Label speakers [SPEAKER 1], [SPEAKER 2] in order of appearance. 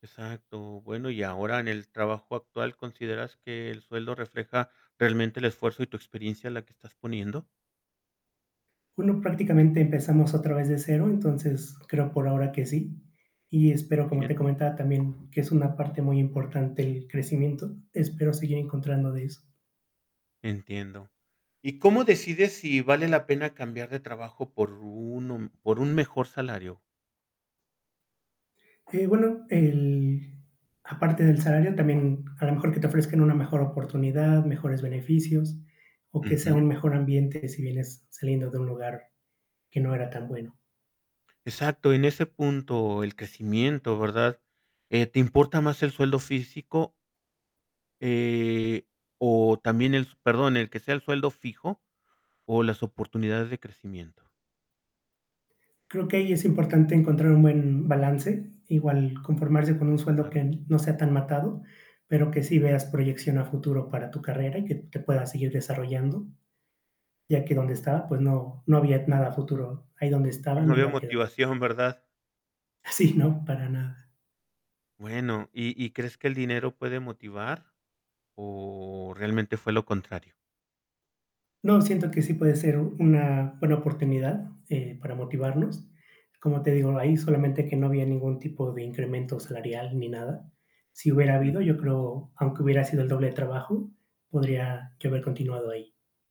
[SPEAKER 1] Exacto. Bueno, y ahora, en el trabajo actual, ¿consideras que el sueldo refleja realmente el esfuerzo y tu experiencia en la que estás poniendo?
[SPEAKER 2] Bueno, prácticamente empezamos otra vez de cero, entonces creo por ahora que sí. Y
[SPEAKER 1] Muy
[SPEAKER 2] espero, como
[SPEAKER 1] bien.
[SPEAKER 2] te comentaba también, que es una parte muy importante el crecimiento, espero seguir encontrando de eso.
[SPEAKER 1] Entiendo. ¿Y cómo decides si vale la pena cambiar de trabajo por uno por un mejor salario?
[SPEAKER 2] Eh, bueno, el aparte del salario, también a lo mejor que te ofrezcan una mejor oportunidad, mejores beneficios, o que sea
[SPEAKER 1] Ujú.
[SPEAKER 2] un mejor ambiente si vienes saliendo de un lugar que no era tan bueno.
[SPEAKER 1] Exacto, en ese punto, el crecimiento, ¿verdad? eh, ¿te importa más el sueldo físico? Eh, o también el s perdón, el que sea el sueldo fijo o las oportunidades de crecimiento.
[SPEAKER 2] Creo que ahí es importante encontrar un buen balance, igual conformarse con un sueldo que
[SPEAKER 1] Claro.
[SPEAKER 2] no sea tan matado, pero que sí veas proyección a futuro para tu carrera y que te puedas seguir desarrollando, ya que donde estaba, pues no no había nada a futuro ahí donde estaba,
[SPEAKER 1] No
[SPEAKER 2] me
[SPEAKER 1] veo
[SPEAKER 2] iba a quedar.
[SPEAKER 1] motivación, ¿verdad?
[SPEAKER 2] Sí, ¿no? Para nada.
[SPEAKER 1] Bueno, ¿y y crees que el dinero puede motivar, o realmente fue lo contrario?
[SPEAKER 2] No, siento que sí puede ser una buena oportunidad, eh, para motivarnos. Como te digo, ahí solamente que no había ningún tipo de incremento salarial ni nada. Sí hubiera habido,
[SPEAKER 1] Ujú.
[SPEAKER 2] yo creo, aunque hubiera sido el doble de trabajo, podría yo haber continuado ahí.